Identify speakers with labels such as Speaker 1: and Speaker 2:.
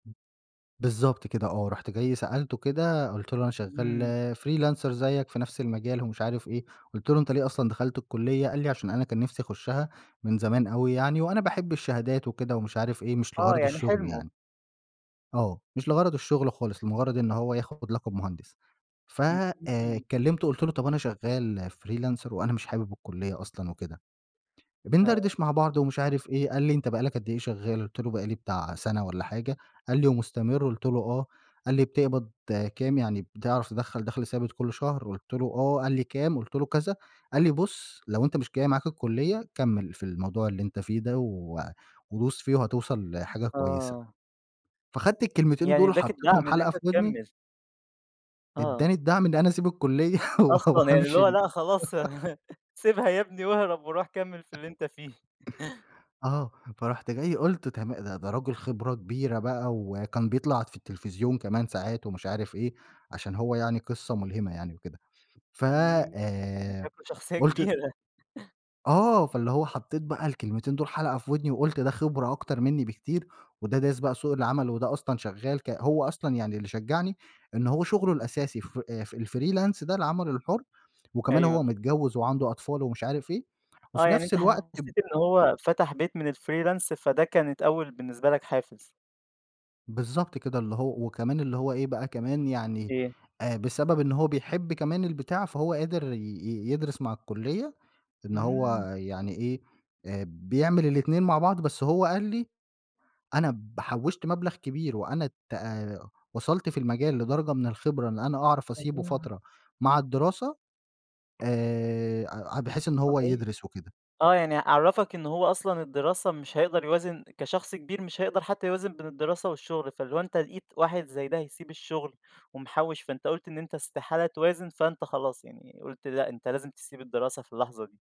Speaker 1: بالضبط كده آه، رُحت جاي سألته كده قُلت له أنا
Speaker 2: إمم.
Speaker 1: شغّال freelancer زيّك في نفْس المجال ومش عارف إيه، قُلت له: "أنت ليه أصلًا دخلت الكلية؟" قال لي: "علشان أنا كان نفْسي أخشها من زمان أوي يعني، وأنا باحب الشهادات وكده ومش عارف إيه مش
Speaker 2: آه،
Speaker 1: لغرض
Speaker 2: يعني
Speaker 1: الشغل
Speaker 2: حِلمه.
Speaker 1: يعني." آه، مش لغرض الشغل خالص لمجرد إن هو ياخد لقب مُهندِس، ف
Speaker 2: إمم.
Speaker 1: آآ،
Speaker 2: [unintelligible]
Speaker 1: كلمته قُلت له: "طَب أنا شغّال freelancer وأنا مش حابب الكلية أصلًا" وكده،
Speaker 2: آه.
Speaker 1: بندردش مع بعض ومش عارف إيه، قال لي: "أنت بقى لَك قد إيه شغّال؟" قُلت له: "بقى لي بتاع سنة والّا حاجة." قال لي: "ومُستمِر؟" قُلت له: "آه." قال لي: "بتقبض كام؟ يعني بتعرف تدخَّل دخل ثابت كل شهر؟" قُلت له: "آه." قال لي: "كام؟" قُلت له كذا، قال لي: "بُص لو أنت مش جاي معاك الكلية، كمِّل في الموضوع اللي أنت فيه ده و وبُص فيه وهتوصل لحاجة كويسة."
Speaker 2: آه.
Speaker 1: فأخدت الكلمتين
Speaker 2: يعني
Speaker 1: دول
Speaker 2: ادّاك
Speaker 1: وحطيتهم
Speaker 2: الدعم إن
Speaker 1: حلقة
Speaker 2: أنت
Speaker 1: في ودني.
Speaker 2: تكمِّل. آه.
Speaker 1: ادّاني الدعم إن أنا أسيب الكلية و و
Speaker 2: أصلًا يعني، اللي
Speaker 1: هامشي
Speaker 2: هو
Speaker 1: إن
Speaker 2: لأ خلاص سيبها يا بني واهرب وروح كمِّل في اللي أنت فيه.
Speaker 1: آه، فرُحت جاي قُلت تما ده ده رجُل خِبرة كبيرة بقى، وكان بيطلع في التلفزيون كمان ساعات ومش عارف إيه علشان هو يعني قصّة مُلهمة يعني وكده، ف
Speaker 2: إمم، ده
Speaker 1: آآ،
Speaker 2: شكله شخصية
Speaker 1: قُلت
Speaker 2: كبيرة.
Speaker 1: آه، فاللي هو حطّيت بقى الكلمتين دول حلقة في ودني، وقُلت ده خبرة أكتر منّي بكتير وده دارس بقى سوق العمل وده أصلًا شغّال ك هو أصلًا يعني اللي شجعني إن هو شغله
Speaker 2: إمم.
Speaker 1: الأساسي ف الfreelance ده العمل الحر وكمان
Speaker 2: أيوه.
Speaker 1: هو متجوّز وعنده أطفال ومش عارف إيه،
Speaker 2: آه،
Speaker 1: وفي
Speaker 2: يعني
Speaker 1: نفْس
Speaker 2: أنت
Speaker 1: الوقت ب
Speaker 2: حسّيت إن هو فتَح بيت من الfreelance فده كانت أول بالنسة لَك حافز.
Speaker 1: بالضبط كده، اللي هو وكمان اللي هو إيه بقى كمان يعني
Speaker 2: إيه؟
Speaker 1: آآ، بسبب إن هو بيحب كمان البتاع فهو قادر ي يدرس مع الكلية إن هو
Speaker 2: إمم.
Speaker 1: يعني إيه آآ بيعمل الإتنين مع بعض، بس هو قال لي: "أنا ب حوشت مبلغ كبير وأنا ت وصلت في المجال لدرجة من الخبرة، إن أنا أعرف أسيبه
Speaker 2: [unintelligible]
Speaker 1: فترة مع الدراسة." آآ، بحيث إن هو
Speaker 2: أوكي،
Speaker 1: يدْرس وكده.
Speaker 2: آه، يعني عرَّفك إن هو أصلًا الدراسة مش هيقدر يوازن كشخص كبير مش هيقدر حتى يوازن بين الدراسة والشغل، فاللي هو أنت لقيت واحد زي ده هيسيب الشغل ومحوّش فأنت قُلت إن أنت استحالة توازن، فأنت خلاص يعني قُلت لأ أنت لازم تسيب الدراسة في اللحظة دي.